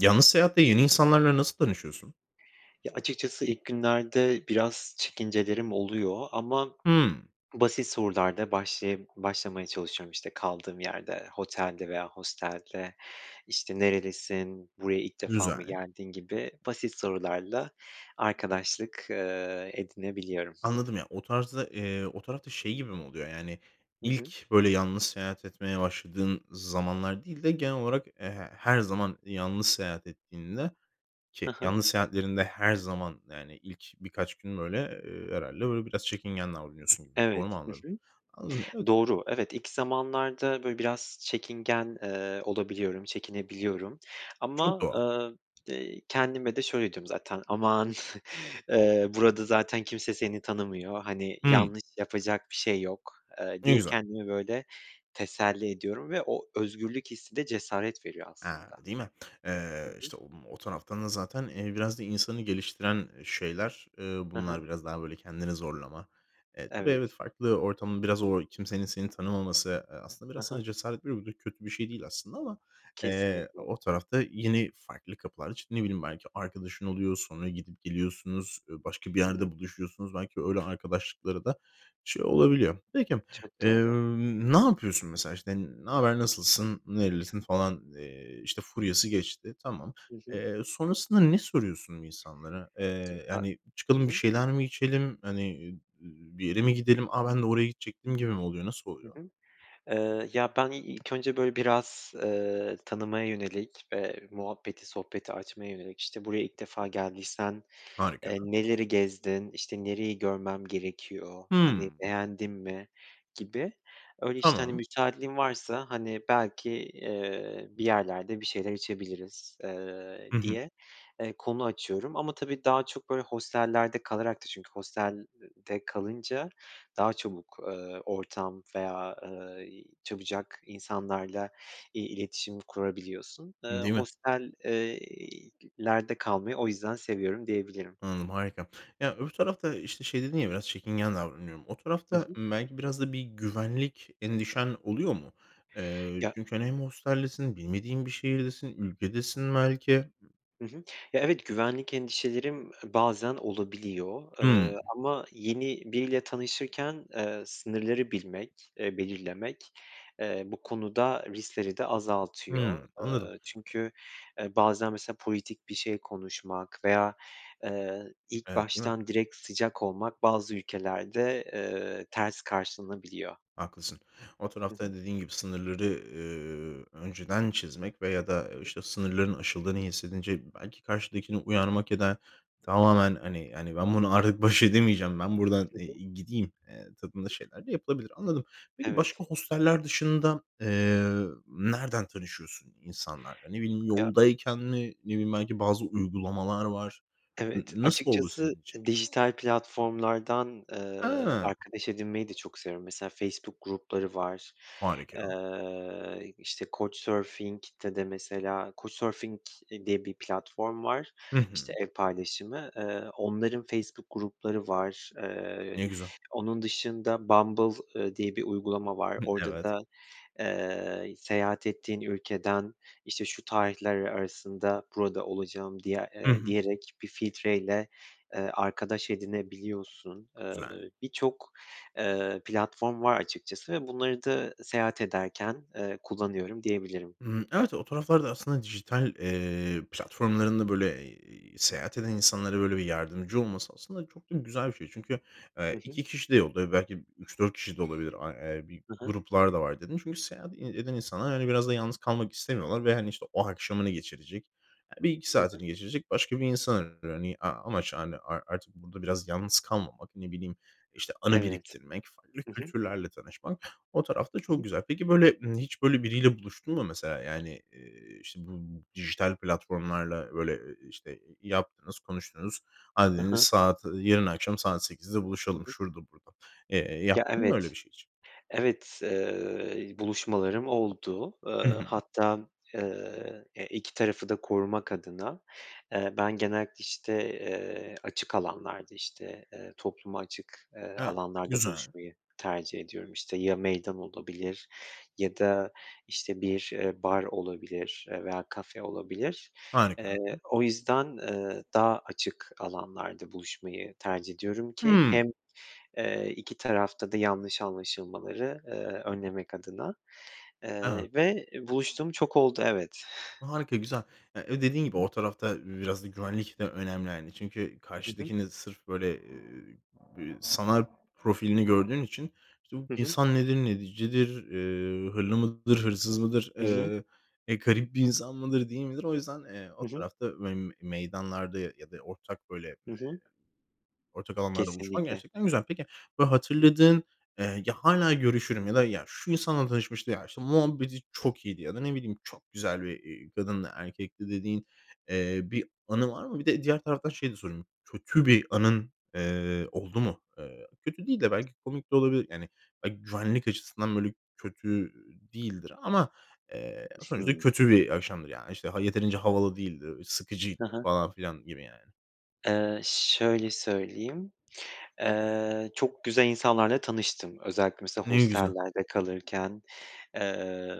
Yanlız seyahatte yeni insanlarla nasıl tanışıyorsun? Ya, açıkçası ilk günlerde biraz çekincelerim oluyor. Ama Hımm. basit sorularla başlayıp başlamaya çalışıyorum işte kaldığım yerde, hotelde veya hostelde, işte nerelisin, buraya ilk defa mı Güzel. geldin gibi basit sorularla arkadaşlık, eee, edinebiliyorum. Anladım ya, o tarzda, eee, o tarafta şey gibi mi oluyor yani, Hı hı. ilk böyle yalnız seyahat etmeye başladığın zamanlar değil de genel olarak e, her zaman yalnız seyahat ettiğinde, Hı ki hı. yalnız seyahatlerinde her zaman yani ilk birkaç gün böyle, eee, herhâlde böyle biraz çekingen davranıyorsun gibi, doğru Evet. mu Hı anladım? hı. Anladım, evet. Doğru. Evet, ilk zamanlarda böyle biraz çekingen, eee, olabiliyorum, çekinebiliyorum Çok ama, doğal. eee, eee, kendime de şöyle diyorum zaten, aman eee, burada zaten kimse seni tanımıyor, hani, Hımm. yanlış yapacak bir şey yok, eee, Ne diye güzel. kendime böyle teselli ediyorum ve o özgürlük hissi de cesaret veriyor A, aslında. değil mi? Hı Eee, hı. işte om o taraftan da zaten, eee, biraz da insanı geliştiren e, şeyler, eee, Ha ha. bunlar biraz daha böyle kendini zorlama. E, tabii evet, Evet. farklı ortamın biraz o kimsenin seni tanımaması, e, aslında Ha biraz sana ha. cesaret veriyor. Bu da kötü bir şey değil aslında ama, eee, Kesinlikle. o tarafta yeni farklı kapılar çıktı. Ne bileyim belki arkadaşın oluyor, sonra gidip geliyorsunuz, e, başka bir Hı hı. yerde buluşuyorsunuz belki öyle arkadaşlıkları da şey olabiliyor. Peki, Çok eee, doğru. ne yapıyorsun mesela işte ne haber, nasılsın, nerelisin falan, eee, işte furyası geçti, tamam. Hı hı. Eee, sonrasında ne soruyorsun insanlara? Eee, [unintelligible] hani, Hı çıkalım bir hı. şeyler mi içelim? Hani, ııı, ııı, bir yere mi gidelim? "A, ben de oraya gidecektim." gibi mi oluyor? Nasıl Hı oluyor? hı. Eee, ya, ben i ilk önce böyle biraz, eee, tanımaya yönelik ve muhabbeti, sohbeti açmaya yönelik işte buraya ilk defa geldiysen, eee, Harika. neleri gezdin? İşte nereyi görmem gerekiyor? Hani, Hımm. beğendin mi gibi, öyle işte, hani, Tamam. müsaitliğin varsa, hani, belki, eee, bir yerlerde bir şeyler içebiliriz, eee, Hı hı. diye, eee, konu açıyorum ama tabii daha çok böyle hostellerde kalarak da çünkü hostelde kalınca daha çabuk, eee, ortam veya, eee, çabucak insanlarla i iletişim kurabiliyorsun. Eee, Değil mi? hostel eee, lerde kalmayı o yüzden seviyorum, diyebilirim. Anladım, harika. Ya, öbür tarafta, işte şey dedin ya biraz çekingen davranıyorum. O Hı tarafta, hı. ımm, belki biraz da bir güvenlik endişen oluyor mu? Eee, Ya çünkü, hani, hem hosteldesin, bilmediğin bir şehirdesin, ülkedesin belki. Hı hı. Ya, evet, güvenlik endişelerim, e, bazen olabiliyor, eee, Hımm. ama yeni biriyle tanışırken, eee, sınırları bilmek, eee, belirlemek, eee, bu konuda riskleri de azaltıyor. Hımm, anladım. Eee, çünkü e, bazen mesela politik bir şey konuşmak veya, eee, ilk Evet, değil mi? baştan direkt sıcak olmak bazı ülkelerde, eee, ters karşılanabiliyor. Haklısın. O Hı hı. tarafta dediğin gibi sınırları, eee, önceden çizmek veya da Hı hı. işte sınırların aşıldığını hissedince belki karşıdakini uyarmak ya da tamamen, hani hani, ben bunu artık baş edemeyeceğim, ben buradan, Hı eee, hı. gideyim, eee, tadında şeyler de yapılabilir. Anladım. Peki Evet. başka hosteller dışında, eee, nereden tanışıyorsun insanlarla? Ne bileyim, Ya yoldayken mi? Ne bileyim, belki bazı uygulamalar var. N Evet, nasıl oldu açıkçası, senin için? eee, dijital platformlardan, eee, A. arkadaş edinmeyi de çok seviyorum. Mesela Facebook grupları var, Harika. eee, işte Couchsurfing'de de mesela Couchsurfing, eee, diye bir platform var, Hı işte hı. ev paylaşımı, eee, onların Facebook grupları var. Eee, Ne güzel. onun dışında Bumble, eee, diye bir uygulama var. Hı, Orada evet. da, eee, seyahat ettiğin ülkeden işte şu tarihler arasında burada olacağım diye Hı eee, hı. diyerek bir filtreyle, eee, arkadaş edinebiliyorsun. Eee, Güzel. birçok, eee, platform var açıkçası ve bunları da seyahat ederken, eee, kullanıyorum, diyebilirim. Hımm, evet. O taraflarda aslında dijital, eee, platformlarında böyle, eee, seyahat eden insanlara böyle bir yardımcı olması aslında çok da güzel bir şey. Çünkü, Hı eee, hı. 2 kişi de [unintelligible] belki 3-4 kişi de olabilir, a e bir Hı hı. gruplar da var, dedin. Çünkü seyahat ed eden insanlar, hani, biraz da yalnız kalmak istemiyorlar ve, hani, işte, o akşamını geçirecek, e, 1-2 Hı hı. saatini geçirecek başka bir insan. [unintelligible] Ni a amaç, hani, a artık burada biraz yalnız kalmamak, ne bileyim, işte anı Evet. biriktirmek, farklı Hı hı. kültürlerle tanışmak o tarafta Hı hı. çok güzel. Peki böyle, ımm, hiç böyle biriyle buluştun mu mesela, yani, eee, işte bu b dijital platformlarla böyle i i işte yaptınız, konuştunuz. Hadi Hı dediniz hı. saat, eee, yarın akşam saat 8'de Hı buluşalım hı. şurada burada. Eee, Ya, yaptın mı öyle bir evet. şey hiç? Evet, eee, buluşmalarım oldu. Eee, Hı hı. hatta, eee, e, 2 tarafı da korumak adına. Eee, ben genellikle işte, eee, açık alanlarda işte, eee, topluma açık, eee, Evet, alanlarda güzel. buluşmayı tercih ediyorum. İşte ya meydan olabilir ya da işte bir, eee, bar olabilir, e veya kafe olabilir. Harika. Eee, o yüzden, eee, daha açık alanlarda buluşmayı tercih ediyorum ki Hımm. hem, eee 2 tarafta da yanlış anlaşılmaları, eee, önlemek adına, He he. eee, ve buluştuğum çok oldu, evet. Harika, güzel. E e, dediğin Hı gibi hı. o tarafta biraz da güvenlik de önemli, hani, çünkü Hı hı. karşıdakini sırf böyle, eee sanal profilini gördüğün için işte bu Hı hı. insan nedir, necidir, eee, hırlı mıdır, hırsız mıdır, Hı hı. eee, e, garip bir insan mıdır, değil midir o yüzden, eee, o Hı hı. tarafta ve meydanlarda ya da ortak böyle, eee, Hı hı. ortak alanlarda buluşmak Kesinlikle. gerçekten güzel. Peki, böyle hatırladığın, eee, "Ya, hâlâ görüşürüm." ya da, "Ya, şu insanla tanışmıştı.", "Ya, işte muhabbeti çok iyiydi." ya da ne bileyim, "Çok güzel bir, eee, kadındı, erkekti..." dediğin, eee, bir anı var mı? Bir de diğer taraftan şeyi de sorayım, kötü bir anın, eee, oldu mu? Eee, kötü değil de belki komik de olabilir. Yani, belki güvenlik açısından böyle kötü, eee, değildir ama, eee, [unintelligible] sonuçta Hımm. kötü bir akşamdır yani. İşte, ha yeterince havalı değildi, sıkıcıydı Ha ha. falan filan gibi yani. Eee, şöyle söyleyeyim, eee, çok güzel insanlarla tanıştım. Özellikle mesela Ne güzel. hostellerde kalırken. Eee,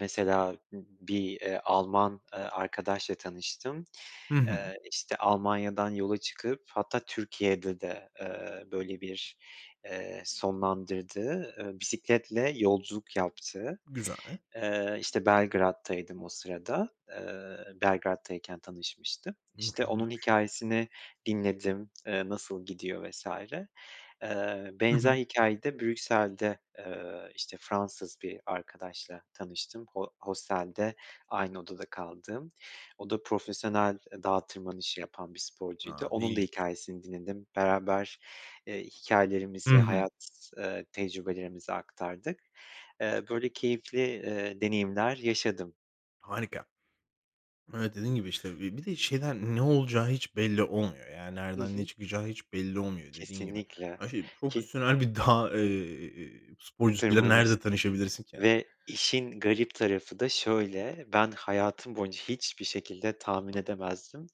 mesela b bir, eee, Alman, eee, arkadaşla tanıştım. Hı hı. Eee, işte Almanya'dan yola çıkıp hatta Türkiye'de de, eee, böyle bir, eee, sonlandırdı. Eee, bisikletle yolculuk yaptı. Güzel. Eee, işte Belgrad'taydım o sırada. Eee, Belgrad'tayken tanışmıştım. İşte onun Mükemmelmış. hikâyesini dinledim, eee, nasıl gidiyor vs. Eee, Hı benzer hı. hikâyede Brüksel'de, eee, işte Fransız bir arkadaşla tanıştım ho hostelde aynı odada kaldığım. O da profesyonel, eee, dağa tırmanışı yapan bir sporcuydu. A, ne Onun da ilginç. hikâyesini dinledim. Beraber, eee, Hı hikâyelerimizi, hı. hayat, eee, tecrübelerimizi aktardık. Eee, böyle keyifli, eee, deneyimler yaşadım. Harika. Evet, dediğin gibi, işte, bi bir de şeyden ne olacağı hiç belli olmuyor, yani Hı nereden ne hı. çıkacağı hiç belli olmuyor dediğin gibi. Kesinlikle, A şey, ki profesyonel bir dağ, eee, sporcusuyla tırmanış nerede tanışabilirsin ki, hani? ve işin garip tarafı da şöyle: Ben hayatım boyunca hiçbir şekilde tahmin edemezdim.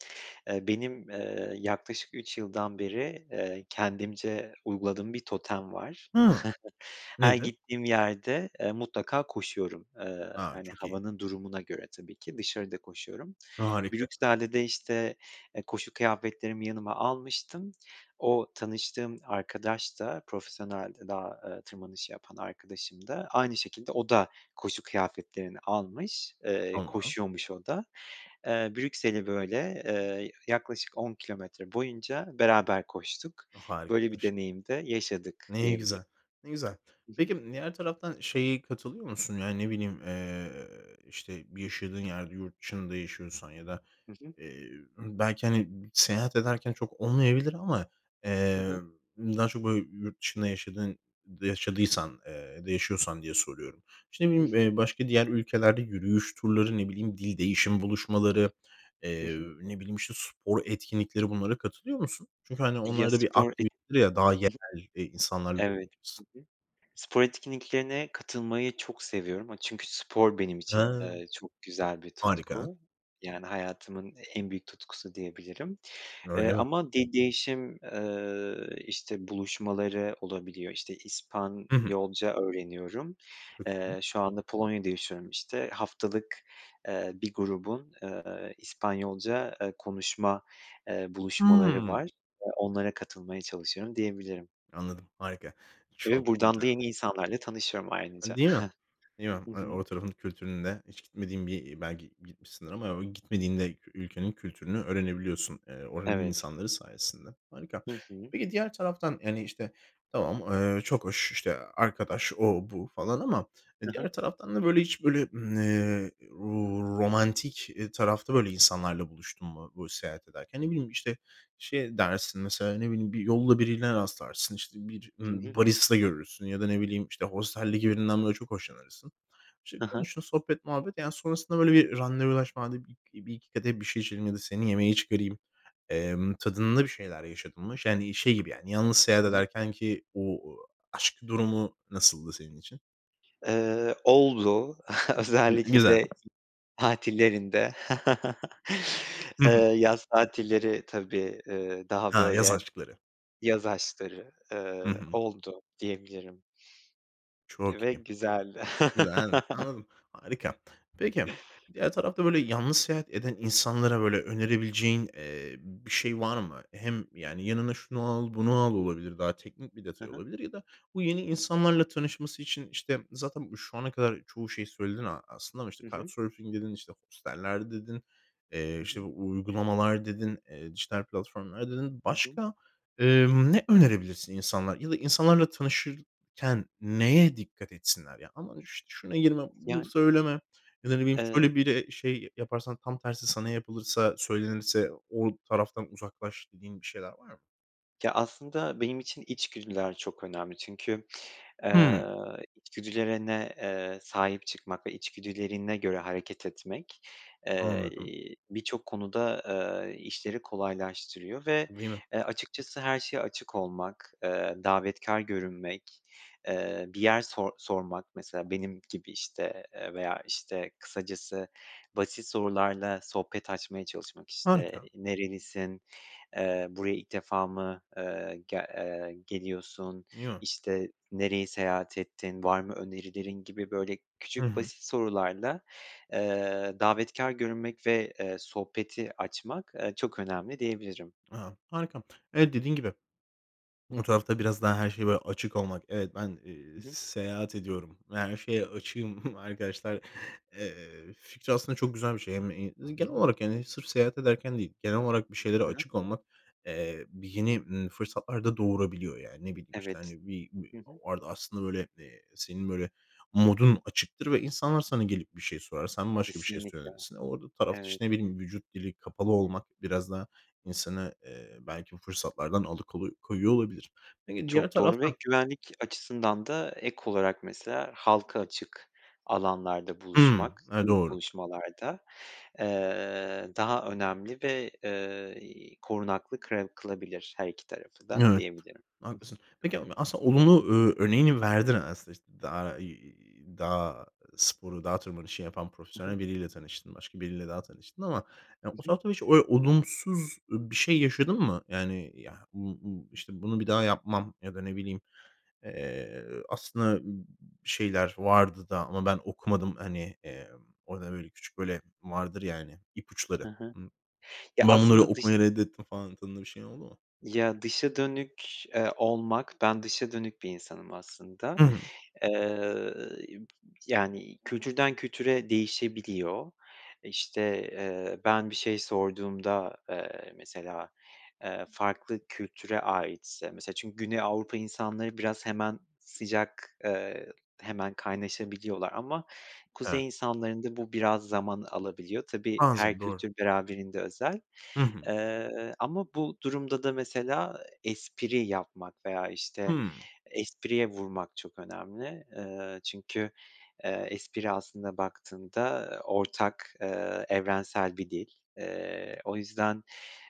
Eee, benim, eee, yaklaşık 3 yıldan beri, eee, kendimce uyguladığım bir totem var. Hıı, Her nedir? gittiğim yerde, eee, mutlaka koşuyorum, eee, A, hani, çok iyi. havanın durumuna göre tabii ki. Dışarıda koşuyorum. Harika. Brüksel'de de, eee, işte, koşu kıyafetlerimi yanıma almıştım. O tanıştığım arkadaş da profesyonelde dağ, eee, tırmanışı yapan arkadaşım da aynı şekilde o da koşu kıyafetlerini almış, eee, Tamam. koşuyormuş o da. Eee, Brüksel'i böyle, eee, yaklaşık 10 kilometre boyunca beraber koştuk. O! Böyle bir Harikaymış. deneyim de yaşadık Ne diyebilirim. güzel. Ne güzel. Hı hı. Peki, diğer taraftan şeye katılıyor musun? Ya, ne bileyim, eee, işte, bir yaşadığın yerde yurt dışında yaşıyorsan ya da, Hı hı. eee, belki, hani, seyahat ederken çok olmayabilir ama, He eee, he. daha çok, böyle, yurt dışında yaşadın yaşadıysan, eee, ya da yaşıyorsan diye soruyorum; işte, Hı ne hı. bileyim, başka diğer ülkelerde yürüyüş turları, ne bileyim, dil değişimi buluşmaları, Hı eee, hı. ne bileyim, işte, spor etkinlikleri bunlara katılıyor musun? Çünkü, hani, Ya, onlarda bir spor et ı hı. aktivitedir ya, daha yerel, i insanlarla Evet. [unintelligible] Hı hı. Spor etkinliklerine katılmayı çok seviyorum, aaa, çünkü spor benim için, He. eee, çok güzel bir Harika. tutku. Yani hayatımın en büyük tutkusu diyebilirim, eee, Öyle mi? ama de değişim, eee, işte, buluşmaları olabiliyor. İşte, Hı hı. İspanyolca öğreniyorum. Çok iyi. Eee, şu anda Polonya'da yaşıyorum, işte. Haftalık, eee, bir grubun, eee, İspanyolca, eee, konuşma, eee, buluşmaları var. Hımm. Eee, onlara katılmaya çalışıyorum, diyebilirim. Anladım, harika. Ve Çok buradan da yeni güzelmiş. insanlarla tanışıyorum ayrıca. A, değil mi? Değil mi? Hı Hani, hı. o tarafın kültüründe, hiç gitmediğin bir belki gitmişsindir ama gitmediğin de ülkenin kültürünü öğrenebiliyorsun, eee, oranın Evet. insanları sayesinde. Harika. Hı hı. Peki, diğer taraftan, yani, işte, tamam, eee, çok hoş. İşte, arkadaş, o, bu falan ama He he. diğer taraftan da, böyle, hiç böyle, ııı, ro romantik, eee, tarafta, böyle, insanlarla buluştun mu, bu, seyahat ederken? Ne bileyim, işte, şey dersin mesela, ne bileyim, bir yolda birine rastlarsın, işte, bir, Hı ımm, hı. barista görürsün ya da ne bileyim, işte, hosteldeki birinden böyle çok hoşlanırsın. İşte, He he. konuştun sohbet, muhabbet, yani sonrasında böyle bir randevulaşma, "Hadi bi bir iki kadeh bir şey içelim ya da seni yemeğe çıkarayım.", emm, tadında bir şeyler yaşadın mı? Yani, şey gibi, yani, yalnız seyahat Hı hı. ederkenki o aşk durumu nasıldı senin için? Eee, oldu. Gü Özellikle güzel. de tatillerinde, Hı eee, hı. yaz tatilleri tabii, eee, daha Ha, yaz böyle, aşkları. yaz aşkları, Hı eee, hı. oldu diyebilirim. Çok Ve iyi. güzeldi. Güzel, anladım, anladım. Harika. Peki, diğer tarafta böyle yalnız seyahat eden insanlara, böyle, önerebileceğin, eee, bir şey var mı? Hem yani "Yanına şunu al, bunu al." olabilir. Daha teknik bir Hı detay hı. olabilir. Ya da bu yeni insanlarla tanışması için, işte, zaten şu ana kadar çoğu şeyi söyledin a aslında ama, işte, Hı card hı. surfing dedin, işte, hosteller dedin, eee, Hı işte, hı. uygulamalar dedin, eee, dijital platformlar dedin. Hı hı. Başka, eee, ne önerebilirsin insanlar ya da insanlarla tanışırken neye dikkat etsinler? Ya, aman, işte, "Şuna girme, bunu Yani söyleme." ya da ne bileyim, Eee "Şöyle biri şey yaparsan, tam tersi sana yapılırsa, söylenirse o taraftan uzaklaş." dediğin bir şeyler var mı? Ya, aslında benim için içgüdüler çok önemli çünkü, eee, Hıı. içgüdülerine, eee, sahip çıkmak ve içgüdülerine göre hareket etmek, eee, Anladım. birçok konuda, aaa, işleri kolaylaştırıyor ve, Değil mi? eee, açıkçası her şeye açık olmak, eee, davetkâr görünmek, eee, bir yer sor sormak mesela benim gibi, işte, eee, veya, işte, kısacası basit sorularla sohbet açmaya çalışmak, işte, Harika. "Nerelisin?", eee, "Buraya ilk defa mı, eee, gel eee, geliyorsun?", Ya. işte, "Nereyi seyahat ettin, var mı önerilerin?" gibi, böyle Hı küçük hı. basit sorularla, eee, davetkâr görünmek ve, eee, sohbeti açmak, eee, çok önemli, diyebilirim. A, harika. Evet, dediğin gibi. Bu tarafta biraz daha her şey, böyle, açık olmak. Evet, ben, eee, Hı hı. seyahat ediyorum. Yani, şeye açığım arkadaşlar, eee, fikri aslında çok güzel bir şey. Hem Hı genel hı. olarak, yani, sırf seyahat ederken değil genel olarak bir şeylere He he. açık olmak, eee, bir yeni, ımm, fırsatlar da doğurabiliyor. Yani, ne bileyim, işte, Evet. hani, bi bir Hı hı. bu arada aslında, böyle, eee, senin böyle modun açıktır ve insanlar sana gelip bir şey sorar. Sen başka bir şey Kesinlikle. söylersin. Orada tarafta, Evet. işte, ne bileyim, vücut dili kapalı olmak biraz daha insanı, eee, belki bu fırsatlardan alıkolu koyuyor olabilir. Peki, diğer Çok doğru ve taraftan güvenlik açısından da ek olarak mesela halka açık alanlarda Hımm. buluşmak, E, ilk doğru. buluşmalarda, eee, daha önemli ve, eee, i korunaklı kırev kılabilir her iki tarafı da Evet, diyebilirim. Hı hı. haklısın. Peki, a aslında olumlu ö örneğini verdin aslında, işte, dağ, iii, dağ sporu, dağ tırmanışı yapan Hı hı. profesyonel biriyle tanıştın. Başka biriyle daha tanıştın ama, ya, Hı o hı. taraftan hiç oy olumsuz, eee, bir şey yaşadın mı? Yani ya m bu, işte, "Bunu bir daha yapmam." ya da ne bileyim. Eee, aslında m şeyler vardı da ama ben okumadım, hani, emm, orada böyle küçük, böyle, vardır ya hani, ipuçları. He he. Imm, Ya, "Ben bunları aslında dış okumayı reddettim." falan tadında bir şey oldu mu? Ya, dışa dönük, eee, olmak ben dışa dönük bir insanım aslında. Hı hı. Eee, b yani, kültürden kültüre değişebiliyor. İşte, eee, ben bir şey sorduğumda, eee, mesela, eee, farklı kültüre aitse mesela çünkü Güney Avrupa insanları biraz hemen sıcak, eee, hemen kaynaşabiliyorlar ama Evet. kuzey insanlarında bu biraz zaman alabiliyor. Tabii, her Bazen. Doğru. kültür beraberinde özel, Hı hı. eee, ama bu durumda da mesela espri yapmak veya, işte, Hımm. espriye vurmak çok önemli. Eee, çünkü, eee, espri aslında baktığında, ııı, ortak, eee, evrensel bir dil. Eee, o yüzden,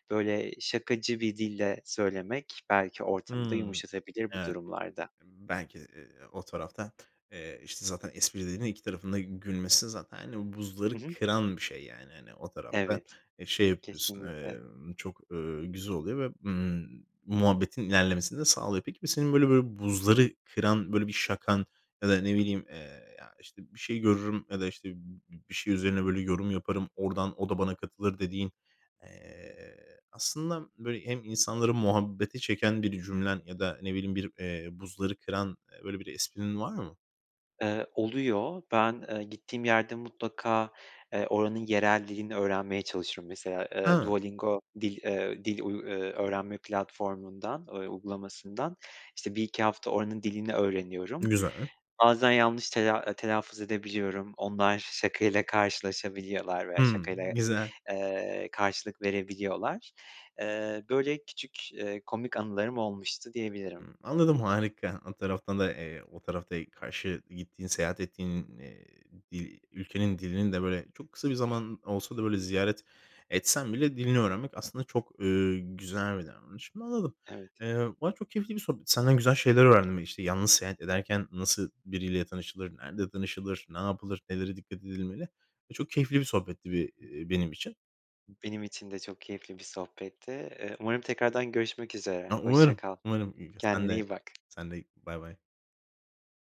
böyle, şakacı bir dille söylemek belki ortamı da Hımm. yumuşatabilir bu Evet. durumlarda. Belki de o taraftan, eee, işte, zaten esprilerine iki tarafın da gülmesi zaten, hani, Hı buzları hı. kıran bir şey, yani, hani, o tarafta, Evet, eee, şey yapıyorsun, kesinlikle. emm, çok, eee, güzel oluyor ve, ımm, muhabbetin ilerlemesini de sağlıyor. Peki, bi senin, böyle böyle, bir buzları kıran, böyle, bir şakan ya da ne bileyim, eee, ya, işte, bir şey görürüm ya da, işte, bi bir şey üzerine böyle yorum yaparım, oradan o da bana katılır, dediğin, eee, aslında, böyle, hem insanları muhabbete çeken bir cümlen ya da ne bileyim, bir, eee, buzları kıran, böyle, bir esprin var mı? Eee, oluyor. Ben, eee, gittiğim yerde mutlaka, eee, oranın yerel dilini öğrenmeye çalışırım. Mesela, eee, Hıı. Duolingo dil, eee, dil uy öğrenme platformundan, ö uygulamasından, işte, 1-2 hafta oranın dilini öğreniyorum. Güzel. Bazen yanlış tela telaffuz edebiliyorum. Onlar şakayla karşılaşabiliyorlar veya Hıı. şakayla, Güzel. eee, karşılık verebiliyorlar. Eee, böyle küçük, eee, komik anılarım olmuştu Hıı. diyebilirim. Anladım, harika. O taraftan da, eee, o tarafta karşı gittiğin, seyahat ettiğin, iii, dil ülkenin dilini de böyle çok kısa bir zaman olsa da, böyle, ziyaret etsem bile dilini öğrenmek aslında çok, eee, güzel bir davranış. Anladım. Evet. Eee, valla çok keyifli bir sohbetti, senden güzel şeyler öğrendim: İşte, yalnız seyahat ederken nasıl biriyle tanışılır, nerede tanışılır, ne yapılır, nelere dikkat edilmeli ve çok keyifli bir sohbetti be benim için. Benim için de çok keyifli bir sohbetti. Eee, umarım tekrardan görüşmek üzere, A, hoşça umarım, kal. umarım, i sen Kendine de, iyi bak. sen de, baybay.